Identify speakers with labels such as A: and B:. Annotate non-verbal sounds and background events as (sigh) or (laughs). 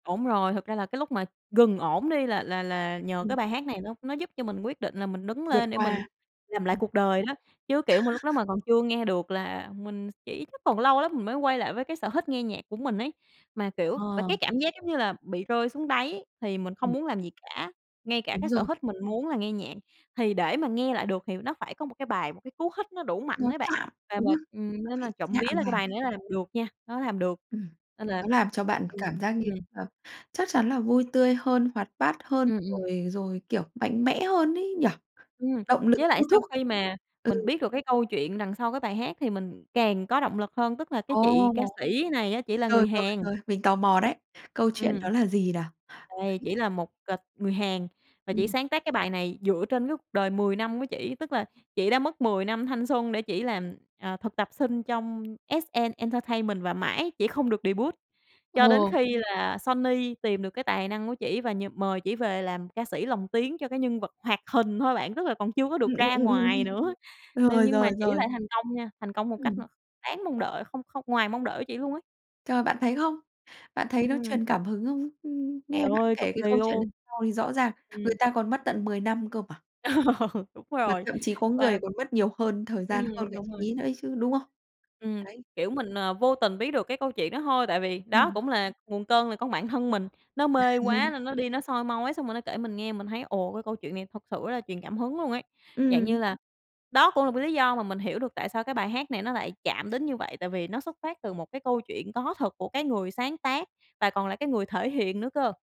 A: Đúng rồi, thực ra là cái lúc mà gần ổn đi là là là nhờ
B: Ừm,
A: cái bài hát này nó nó giúp cho mình quyết định là mình đứng
B: Vượt
A: lên để mình
B: qua.
A: làm lại
B: Ừm.
A: cuộc đời đó, chứ, kiểu mà, lúc đó
B: (chuckles)
A: mà còn chưa nghe được là mình s chỉ chắc còn lâu lắm mình mới quay lại với cái sở hích nghe nhạc của mình ấy. Mà, kiểu và
B: Ờ.
A: cái cảm giác giống như là bị rơi xuống đáy thì mình không
B: Ừm.
A: muốn làm gì cả, ngay cả
B: Đúng
A: cái sở
B: rồi.
A: hích mình muốn là nghe nhạc, thì để mà nghe lại được thì nó phải có một cái bài, một cái cú hích nó đủ mạnh
B: Nó
A: đấy bạn.
B: chạm,
A: Và
B: đúng
A: mình
B: hông?
A: ừm,
B: Nó
A: nên
B: phải
A: là trộm
B: chạm
A: vía là cái
B: vào.
A: bài này nó làm được nha, nó làm được,
B: Ừm,
A: nên là
B: nó làm cho bạn
A: ừm,
B: cảm giác như
A: ừm.
B: là chắc chắn là vui tươi hơn, hoạt bát hơn
A: Ừm, ừm.
B: rồi rồi, kiểu, mạnh mẽ hơn ấy nhỉ,
A: Ừm,
B: động lực
A: với lại
B: thôi
A: sau
B: thúc.
A: khi mà mình
B: Ừ.
A: biết được cái câu chuyện đằng sau cái bài hát thì mình càng có động lực hơn, tức là cái chị
B: Ồ!
A: ca sĩ này á chỉ là người
B: Rồi, rồi,
A: Hàn.
B: rồi, mình tò mò đấy. Câu chuyện
A: Ừm.
B: đó là gì nào?
A: Đây, chỉ là một, à, người Hàn và chị
B: Ừm.
A: sáng tác cái bài này dựa trên cái cuộc đời 10 năm của chỉ, tức là chị đã mất 10 năm thanh xuân để chỉ làm, à, thực tập sinh trong SM Entertainment và mãi chị không được debut, cho đến
B: Ồ.
A: khi là Sony tìm được cái tài năng của chị và nh mời chỉ về làm ca sĩ lồng tiếng cho cái nhân vật hoạt hình thôi bạn, tức là còn chưa có được
B: Ừm, ừm,
A: ra
B: ừm,
A: ngoài
B: ừm.
A: nữa, nên
B: Rồi,
A: nhưng mà
B: rồi,
A: chị
B: rồi.
A: lại thành công nha, thành công một cách m
B: Ừm.
A: đáng mong đợi không không ngoài mong đợi của chị luôn á.
B: Trời, bạn thấy không? Bạn thấy nó
A: Ừm.
B: truyền cảm hứng không? Nghe
A: Trời
B: bạn
A: ơi, cực
B: kể cái
A: kỳ
B: câu chuyện đ
A: luôn!
B: sau thì rõ ràng, người
A: Ừm.
B: ta còn mất tận 10 năm cơ mà.
A: (laughs) Đúng
B: Mà
A: rồi.
B: thậm chí có người
A: Và
B: còn mất nhiều hơn thời gian hơn
A: Ừm,
B: cả
A: đúng
B: chị
A: rồi.
B: ấy nữa chứ, đúng không?
A: Ừm,
B: Đấy.
A: kiểu, mình, ờ, vô tình biết được cái câu chuyện đó thôi tại vì, đó,
B: Ừm.
A: cũng là nguồn cơn là con bản thân mình, nó mê quá
B: (chuckles)
A: nên nó đi nó soi mói, xong rồi nó kể mình nghe. Mình thấy, ồ, cái câu chuyện này thật sự rất là truyền cảm hứng luôn ấy, dạng như
B: Ừm.
A: là, đó cũng là cái lý do mà mình hiểu được tại sao cái bài hát này nó lại chạm đến như vậy, tại vì nó xuất phát từ một cái câu chuyện có thật của cái người sáng tác và còn là cái người thể hiện nữa cơ.